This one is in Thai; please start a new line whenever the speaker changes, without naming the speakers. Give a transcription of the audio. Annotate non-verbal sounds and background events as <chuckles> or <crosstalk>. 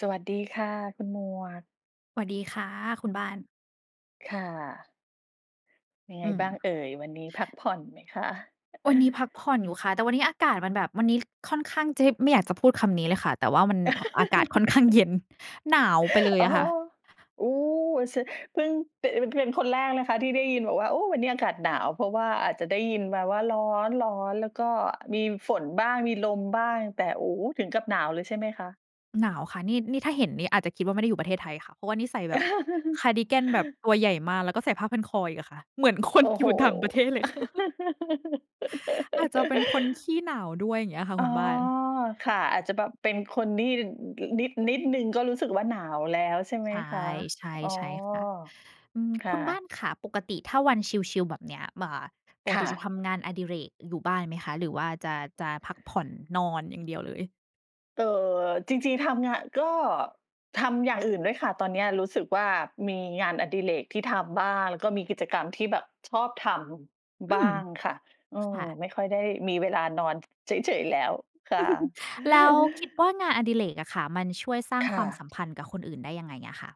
สวัสดีค่ะ คุณหมวก
สวัสดีค่ะ คุณบ้าน
ค่ะ เป็นยัง
อ
ไง
ืม
บ้างเอ่ย? วันนี้พักผ่อนไหมคะ?
วันนี้พักผ
<chuckles>
่อนอยู่ค่ะ แต่วันนี้อากาศมันแบบ วันนี้ค่อนข้าง จ ไม่อยากจะพูดคำนี้เลยค่ะ แต่ว่ามัน อ อากาศค่อนข้าง เ
<laughs>
ย็น หนาวไปเลย
อ๋อ
ค่ะ
อู้ ส เพิ่ง เตะ พ เป็นคนแรกนะคะที่ได้ยินบอกว่า โอ้ วันนี้อากาศหนาว เพราะว่าอาจจะได้ยินมาว่า ร้อน ร้อนแล้วก็มีฝนบ้าง มีลมบ้าง แต่ โอ้ ถึงกับหนาวเลยใช่ไหมคะ?
หนาวค่ะ นี่ นี่ถ้าเห็นนี่อาจจะคิดว่าไม่ได้อยู่ประเทศไทยค่ะ เพราะว่านี่ใส่แบบคาร์ดิกันแบบ
<chuckles>
ตัวใหญ่มาก แล้วก็ใส่ผ้าพันคออีกค่ะ เหมือนค
โ
น
อ้
อ
โ
ย
ฮ
ู่ต่างประเทศเล
<laughs>
ยค่ะ <chuckles> อาจจะเป็นคนขี้หนาวด้วยเงี้ยค่ะ
อ๋
ค
อ
ุณบ้าน
ค่ะ อาจจะแบบเป็นคนที่ น นิด นิดหนึ่งก็รู้สึกว่าหนาวแล้วใช่ไห
ใ
ม
ช
คะ?
่
อ๋อ
ๆ ใช่ค่ะ อืม
ค่
คุณบ้า
ะ
นค่ะ ปกติถ้าวันชิล ๆ แบบเนี้ย อ่า ปก
ค่
ติจ
ะ
ะทำงานอดิเรกอยู่บ้านไหมคะ? หรือว่าจะ จะพักผ่อนนอนอย่างเดียวเลย?
เอ่อ จริง ๆ ทำงาน ก็ทำอย่างอื่นด้วยค่ะ ตอนเนี้ยรู้สึกว่า มีงานอดิเรกที่ทำบ้าง แล้วก็มีกิจกรรมที่แบบชอบท
อื
ำ บ้า
ม
งค่ะ อื
ค
ม
่ะ
ไม่ค่อยได้มีเวลานอนเฉย ๆ แล้วค่ะ
<chuckles> แล้วคิดว่
<chuckles>
างานอดิเรกอะค่ะ มันช่วยสร้า
ค
งค
่
วามส
ะ
ัมพันธ์กับคนอื่นได้ยังไงอะค่ะ?